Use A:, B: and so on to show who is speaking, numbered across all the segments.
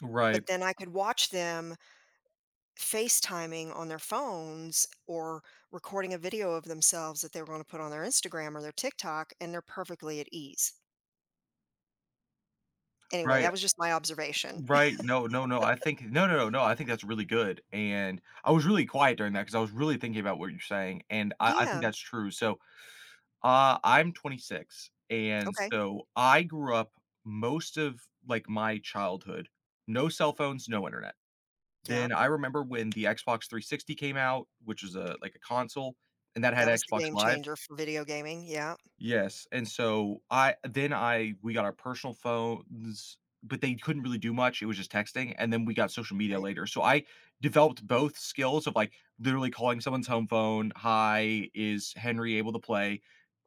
A: Right.
B: But then I could watch them FaceTiming on their phones or recording a video of themselves that they're gonna put on their Instagram or their TikTok and they're perfectly at ease. Anyway,
A: Right,
B: that was just my observation.
A: right, no, no, no, I think, no, no, no, no, I think that's really good, and I was really quiet during that 'cause I was really thinking about what you're saying, and I I think
B: Yeah.
A: that's true, so, uh, I'm 26, and
B: OK.
A: so I grew up most of, like, my childhood, no cell phones, no internet. Then
B: Yup.
A: I remember when the Xbox 360 came out, which is a, like, a console, and that had
B: That was the
A: Xbox
B: game
A: Live.
B: changer for video gaming, yup.
A: Yes, and so I then I we got our personal phones, but they couldn't really do much, it was just texting, and then we got social media
B: Right.
A: later, so I developed both skills of, like, literally calling someone's home phone. "Hi, is Henry able to play,"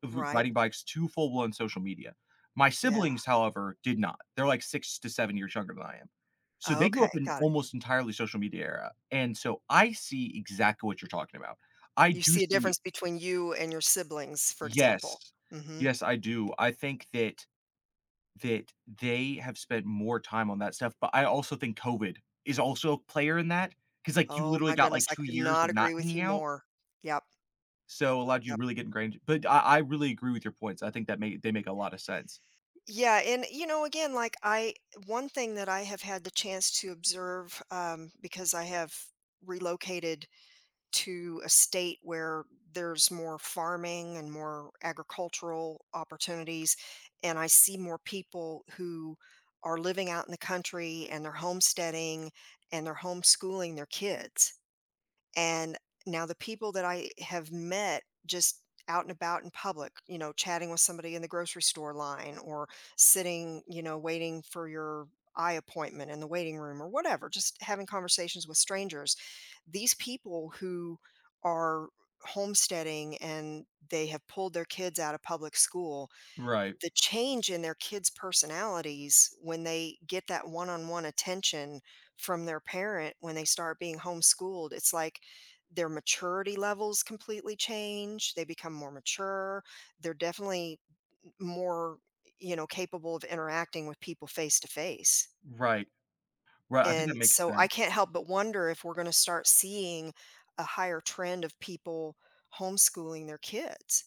A: r
B: Right.
A: riding bikes to full-blown social media. My
B: Yeah.
A: siblings, however, did not. They're like 6 to 7 years younger than I am. So they grew
B: Okay,
A: up in
B: got it.
A: almost entirely social media era, and so I see exactly what you're talking about. I
B: You
A: do
B: see a
A: see
B: difference between you and your siblings, for example.
A: Yes,
B: Mhm.
A: yes, I do. I think that that they have spent more time on that stuff, but I also think COVID is also a player in that, 'cause, like, you
B: Oh
A: literally
B: my
A: got, like,
B: goodness, I
A: 2
B: could
A: years
B: not
A: of not
B: agree with
A: hanging
B: you
A: out
B: more. Yup.
A: so it allowed you
B: Yup.
A: really get ingrained, but I I really agree with your points, I think that may they make a lot of sense.
B: Yeah and you know again like I one thing that I have had the chance to observe, um, because I have relocated to a state where there's more farming and more agricultural opportunities and I see more people who are living out in the country and they're homesteading and they're homeschooling their kids. And now the people that I have met just out and about in public, you know, chatting with somebody in the grocery store line or sitting, you know, waiting for your eye appointment in the waiting room or whatever, just having conversations with strangers, these people who are homesteading and they have pulled their kids out of public school,
A: Right.
B: the change in their kids' personalities when they get that one-on-one attention from their parent when they start being homeschooled, it's like their maturity levels completely change, they become more mature they're definitely m more, y you know, capable of interacting with people face to face.
A: Right, right, I think that
B: And
A: makes
B: so I
A: sense.
B: can't help but wonder if we're gonna start seeing a higher trend of people homeschooling their kids.